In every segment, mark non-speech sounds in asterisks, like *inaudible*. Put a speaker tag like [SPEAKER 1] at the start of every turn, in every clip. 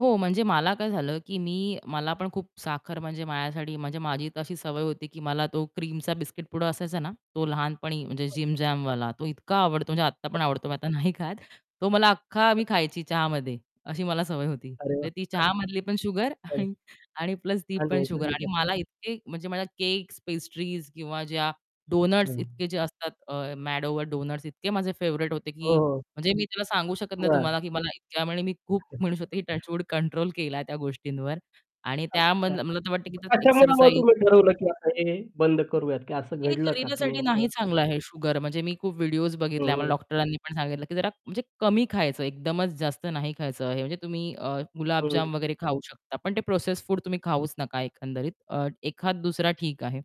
[SPEAKER 1] हो, म्हणजे मला काय झालं की मी मला पण खूप साखर म्हणजे माझ्यासाठी म्हणजे माझी तशी सवय होती की मला तो क्रीमचा बिस्किट पुडा असायचा ना, तो लहानपणी म्हणजे JIM-JAM वाला तो इतका आवडतो, म्हणजे आत्ता पण आवडतो मी आता नाही खात तो मला अख्खा मी खायची चहामध्ये. अशी मला सवय होती.
[SPEAKER 2] अरे
[SPEAKER 1] म्हणजे
[SPEAKER 2] वाह!
[SPEAKER 1] ती चहामधली पण शुगर
[SPEAKER 2] *unintelligible*
[SPEAKER 1] आणि आणि प्लस ती पण शुगर आणि
[SPEAKER 2] *unintelligible*
[SPEAKER 1] मला इतके म्हणजे माझ्या केक्स, पेस्ट्रीज किंवा ज्या डॉनट्स
[SPEAKER 2] हं.
[SPEAKER 1] इतके जे असतात अ, MAD OVER DONUTS इतके माझे फेव्हराइट होते
[SPEAKER 2] हो,
[SPEAKER 1] की
[SPEAKER 2] हो.
[SPEAKER 1] म्हणजे मी त्याला सांगू शकत नाही
[SPEAKER 2] बरं.
[SPEAKER 1] तुम्हाला की मला इतक्या म्हणजे मी खूप म्हणू शकते की
[SPEAKER 2] *chuckles*
[SPEAKER 1] टचवूड कंट्रोल केलाय त्या गोष्टींवर आणि त्या
[SPEAKER 2] अच्छा.
[SPEAKER 1] मन मला तर वाटतं की
[SPEAKER 2] याचामुळे मग
[SPEAKER 1] एक्सरसाइज
[SPEAKER 2] तुम्ही ठरवलं की आता हे बंद करूयात की असं
[SPEAKER 1] हे
[SPEAKER 2] घडलं का की
[SPEAKER 1] शरीरासाठी नाही
[SPEAKER 2] नेमकं?
[SPEAKER 1] चांगलं आहे शुगर, म्हणजे मी खूप व्हिडिओज बघितल्या आम्हाला
[SPEAKER 2] हं.
[SPEAKER 1] डॉक्टरांनी पण सांगितलं की जरा म्हणजे कमी खायचं. एकदमच जास्त नाही खायचं आहे म्हणजे तुम्ही अ, गुलाबजाम
[SPEAKER 2] हं.
[SPEAKER 1] वगैरे खाऊ शकता. पण ते प्रोसेस्ड फूड तुम्ही खाऊच नका एकंदरीत. अ, एखाद दुसरा ठीक आहे.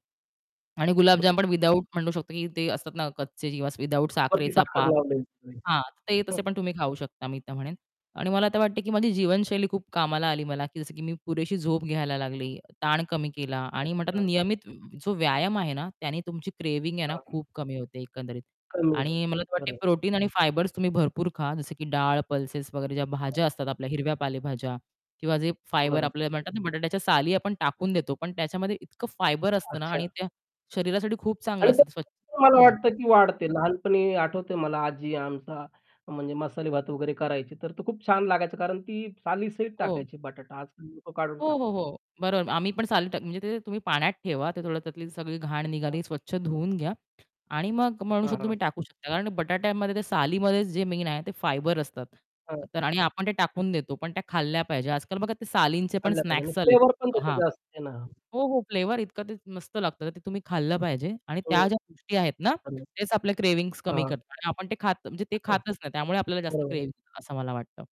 [SPEAKER 1] आणि
[SPEAKER 2] हं.
[SPEAKER 1] गुलाबजाम पण विदआऊट म्हणू शकतो की ते असतात ना कच्चे किंवा विदआऊट
[SPEAKER 2] वरती
[SPEAKER 1] साखरेचा
[SPEAKER 2] साखर
[SPEAKER 1] पाक.
[SPEAKER 2] लावून द्यायची.
[SPEAKER 1] हां, ते तसे पण
[SPEAKER 2] *chuckles*
[SPEAKER 1] तुम्ही खाऊ शकता मी तर म्हणेन. आणि मला आता वाटत की माझी जीवनशैली खूप कामाला आली मला, जसं की मी पुरेशी झोप घ्यायला लागली, ताण कमी केला आणि म्हणतात ना,
[SPEAKER 2] अच्छा.
[SPEAKER 1] नियमित जो व्यायाम आहे ना, त्याने तुमची क्रेविंग आहे ना,
[SPEAKER 2] हां.
[SPEAKER 1] खूप कमी होते एकंदरीत
[SPEAKER 2] कमी होत
[SPEAKER 1] आणि मला
[SPEAKER 2] खरं
[SPEAKER 1] वाटत
[SPEAKER 2] आहे.
[SPEAKER 1] प्रोटीन आणि फायबर्स तुम्ही भरपूर खा जसं की डाळ, पल्सेस वगैरे ज्या भाज्या
[SPEAKER 2] *unintelligible*
[SPEAKER 1] असतात आपल्या, हिरव्या पालेभाज्या किंवा जे फायबर
[SPEAKER 2] बरोबर.
[SPEAKER 1] आपल्याला म्हणतात ना, बटाट्याच्या साली आपण टाकून देतो पण त्याच्यामध्ये इतकं फायबर असतं ना
[SPEAKER 2] अच्छा.
[SPEAKER 1] आणि ते शरीरासाठी खूप
[SPEAKER 2] आणि
[SPEAKER 1] चांगलं असतं ते स्व
[SPEAKER 2] *unintelligible* मला
[SPEAKER 1] हं.
[SPEAKER 2] वाटतं की वाढते. लहानपणी आठवतंय मला आजी आमचा म्हणजे मसाले भात वगैरे करायची. तर तो खूप छान लागायचा कारण ती साली सहित
[SPEAKER 1] हो.
[SPEAKER 2] टाकायची बटाटा आज-काल लोक काढून
[SPEAKER 1] हो,
[SPEAKER 2] टाकतात.
[SPEAKER 1] हो, हो. बरोबर आम्ही पण साली टाक म्हणजे ते तुम्ही पाण्यात ठेवा, ते थोडं त्यातली सगळी घाण
[SPEAKER 2] हां,
[SPEAKER 1] निघाली,
[SPEAKER 2] हां.
[SPEAKER 1] स्वच्छ धुवून घ्या आणि मग म्हणू
[SPEAKER 2] हां,
[SPEAKER 1] शकतो तुम्ही
[SPEAKER 2] हां.
[SPEAKER 1] टाकू शकता. कारण बटाट्यामध्ये ते सालीमध्ये जे मेन आहे, ते फायबर असतात.
[SPEAKER 2] हां.
[SPEAKER 1] तर आणि आपण ते टाकून देतो पण त्या खाल्ल्या पाहिजे. आज-काल बघा ते सालींचे पण
[SPEAKER 2] खाल्लं पाहिजे आणि
[SPEAKER 1] स्नॅक्स आलेत.
[SPEAKER 2] फ्लेवर पण त्याचं
[SPEAKER 1] हां.
[SPEAKER 2] जास्त आहे ना?
[SPEAKER 1] हो, हो. फ्लेवर इतकं ते मस्त लागतं ते तुम्ही खाल्लं पाहिजे आणि
[SPEAKER 2] हं.
[SPEAKER 1] त्या ज्या गोष्टी आहेत ना
[SPEAKER 2] *unintelligible*
[SPEAKER 1] तेच आपल्या क्रेविंग कमी
[SPEAKER 2] हां.
[SPEAKER 1] करतात. आणि आपण ते खात म्हणजे ते
[SPEAKER 2] *chuckles*
[SPEAKER 1] खातच नाही त्यामुळे आपल्याला जास्त
[SPEAKER 2] बरोबर आहे.
[SPEAKER 1] क्रेविंग असं मला वाटतं.